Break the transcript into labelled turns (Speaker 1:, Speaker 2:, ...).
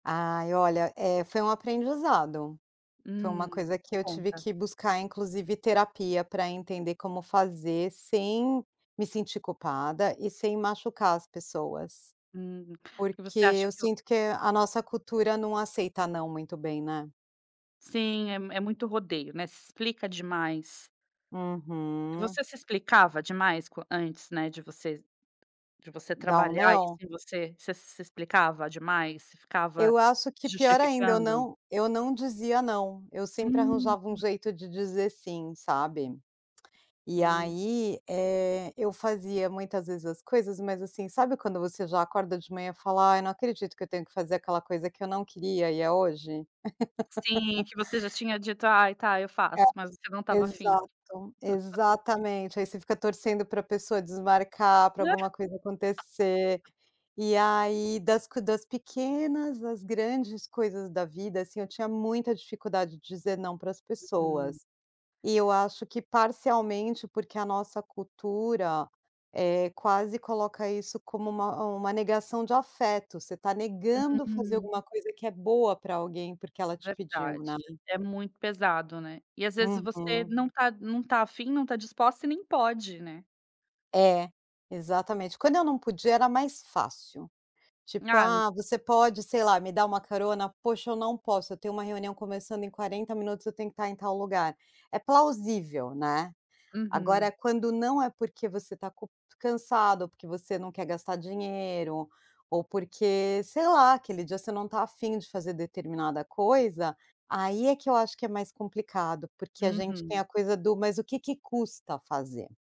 Speaker 1: Ai olha, eh, foi um aprendizado. Foi uma
Speaker 2: Hum,
Speaker 1: coisa que eu tive
Speaker 2: conta.
Speaker 1: que buscar inclusive terapia pra entender como fazer sem me sentir culpada e sem machucar as pessoas.
Speaker 2: Hum
Speaker 1: Porque
Speaker 2: você acha
Speaker 1: eu
Speaker 2: que o
Speaker 1: sinto que a nossa cultura não aceita não muito bem, né?
Speaker 2: Sim, é m é muito rodeio, né? Se explica demais.
Speaker 1: Uhum.
Speaker 2: Você se explicava demais co antes, né, de vocês de você
Speaker 1: Dá um
Speaker 2: trabalhar isso
Speaker 1: não?
Speaker 2: em você? Você se se explicava demais? Você ficava
Speaker 1: Eu acho que
Speaker 2: se
Speaker 1: pior ainda eu
Speaker 2: justificando?
Speaker 1: não eu não dizia não, eu sempre
Speaker 2: Hum.
Speaker 1: arranjava um jeito de dizer sim, sabe? E
Speaker 2: Hum.
Speaker 1: aí, eh, eu fazia muitas vezes as coisas mas, assim, sabe, quando você já acorda de manhã fala: "Ai não acredito que eu tenho que fazer aquela coisa que eu não queria e é hoje?"
Speaker 2: Sim, que você já tinha dito: "Ai tá, eu
Speaker 1: É,
Speaker 2: faço." Mas você não estava a fim.
Speaker 1: exato, exatamente aí você fica torcendo pra pessoa desmarcar pra alguma coisa acontecer, e aí das das pequenas às grandes coisas da vida, assim, eu tinha muita dificuldade de dizer não pras
Speaker 2: Uhum.
Speaker 1: pessoas. E eu acho que parcialmente porque a nossa cultura, eh, quase coloca isso como uma uma negação de afeto, você está negando fazer
Speaker 2: Hum.
Speaker 1: alguma coisa que é boa pra alguém porque ela te pediu,
Speaker 2: Verdade,
Speaker 1: né.
Speaker 2: é muito pesado, né? E às vezes você
Speaker 1: Uhum.
Speaker 2: não tá não tá a fim, não tá disposta e nem pode, né?
Speaker 1: É, exatamente, quando eu não podia era mais fácil. Tipo:
Speaker 2: Ah.
Speaker 1: "Ah, você pode sei lá me dar uma carona? Poxa eu não posso, eu tenho uma reunião começando em 40 minutos eu tenho que tá em tal lugar." É plausível, né? Agora
Speaker 2: Uhum.
Speaker 1: quando não é porque você está culp cansado, ou porque você não quer gastar dinheiro, ou porque sei lá, aquele dia você não tá a fim de fazer determinada coisa, aí é que eu acho que é mais complicado, porque a gente tem
Speaker 2: Uhum.
Speaker 1: a coisa do "Mas o que que custa fazer?"